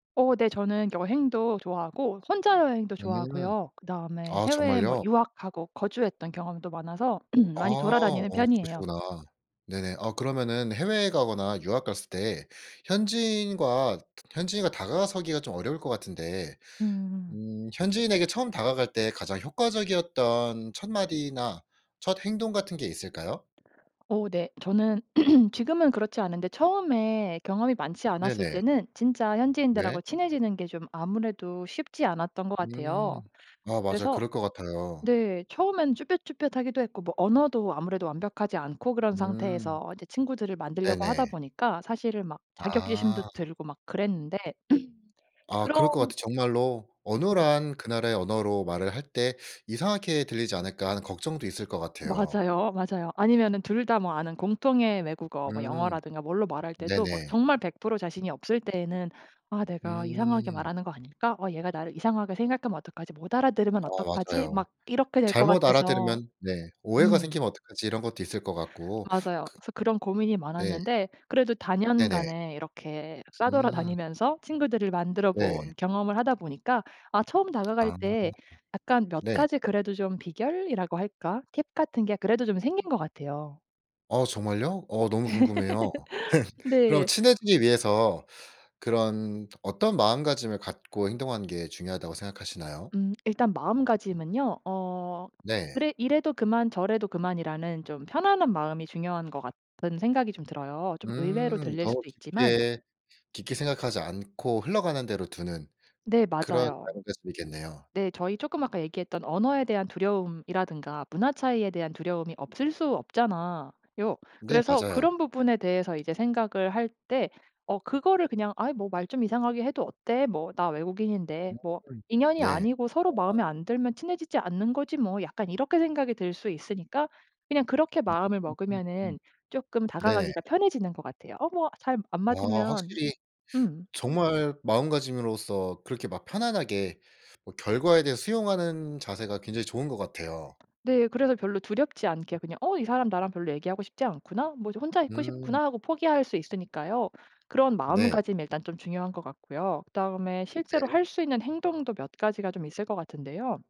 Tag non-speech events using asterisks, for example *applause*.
어 네 저는 여행도 좋아하고 혼자 여행도 음 좋아하고요. 그다음에 아 해외에 뭐 정말요? 유학하고 거주했던 경험도 많아서 *clears throat* 아 많이 어 돌아다니는 편이에요. 그러시구나. 네네. 아 그러면은 해외에 가거나 유학 갔을 때 현지인과 현지인과 다가서기가 좀 어려울 것 같은데 음. 음 현지인에게 처음 다가갈 때 가장 효과적이었던 첫 마디나 첫 행동 같은 게 있을까요? 어 네. 저는 *clears throat* 지금은 그렇지 않은데 처음에 경험이 많지 않았을 네네. 때는 진짜 네. 현지인들하고 친해지는 게 좀 아무래도 쉽지 않았던 것 같아요. 음. 아 맞아요. 그래서 그럴 것 같아요. 네 처음에는 쭈뼛쭈뼛하기도 했고 뭐 언어도 아무래도 완벽하지 않고 그런 음. 상태에서 이제 친구들을 만들려고 하다 네네. 보니까 사실은 막 아. 자격지심도 들고 막 그랬는데 *clears throat* 아 그런 그럴 것 같아요 정말로. 네. 어눌한 그 나라의 언어로 말을 할 때 이상하게 들리지 않을까 하는 걱정도 있을 것 같아요. 맞아요, 맞아요. 아니면은 둘 다 뭐 아는 공통의 외국어 음. 영어라든가 뭘로 말할 때도 막 네네. 정말 100% 자신이 없을 때에는 '아 내가 이상하게 음. 말하는 거 아닐까.' '어 얘가 나를 이상하게 생각하면 어떡하지?' '못 알아들으면 어 어떡하지?' 맞아요. 막 이렇게 될 것 잘못 같아서 알아들으면 네 오해가 음. 생기면 어떡하지 이런 것도 있을 것 같고. 맞아요. 그 그래서 그런 고민이 네. 많았는데 그래도 네네. 다년간에 이렇게 음. 싸돌아다니면서 친구들을 만들어본 네. 경험을 하다 보니까 아 처음 다가갈 아. 때 약간 몇 네. 가지 그래도 좀 비결이라고 할까 팁 같은 게 그래도 좀 생긴 것 같아요. 어 정말요? 어 *laughs* 너무 궁금해요. *laughs* 그럼 네. 친해지기 위해서 그런 어떤 마음가짐을 갖고 행동하는 게 중요하다고 생각하시나요? 음 일단 마음가짐은요. 어 네. 그래 이래도 그만 저래도 그만이라는 좀 편안한 마음이 중요한 것 같은 생각이 좀 들어요. 좀 의외로 음 들릴 너무 수도 있지만 깊게, 깊게 생각하지 않고 흘러가는 대로 두는 네 그런 맞아요. 마음가짐이겠네요. 네 저희 쪼 아까 얘기했던 언어에 대한 두려움이라든가 문화 차이에 대한 두려움이 없을 수 없잖아요. 네 그래서 맞아요. 그런 부분에 대해서 이제 생각을 할 때 어 그거를 그냥 '아이 뭐 말 좀 이상하게 해도 어때 뭐 나 외국인인데 뭐 음. 인연이 네. 아니고 서로 아. 마음에 안 들면 친해지지 않는 거지 뭐.' 약간 이렇게 생각이 들 수 있으니까 그냥 그렇게 마음을 음 먹으면은 쪼끔 네네. 다가가기가 편해지는 것 같아요. '어 뭐 잘 안 와 맞으면' 확실히 음. 정말 마음가짐으로서 그렇게 막 편안하게 뭐 결과에 대해 수용하는 자세가 굉장히 좋은 것 같아요. 네. 그래서 별로 두렵지 않게 그냥 '어 이 사람 나랑 별로 얘기하고 싶지 않구나. 뭐 저 혼자 있고 음. 싶구나' 하고 포기할 수 있으니까요. 그런 네. 마음가짐이 일단 좀 중요한 것 같고요. 그다음에 실제로 네. 할 수 있는 행동도 몇 가지가 좀 있을 것 같은데요.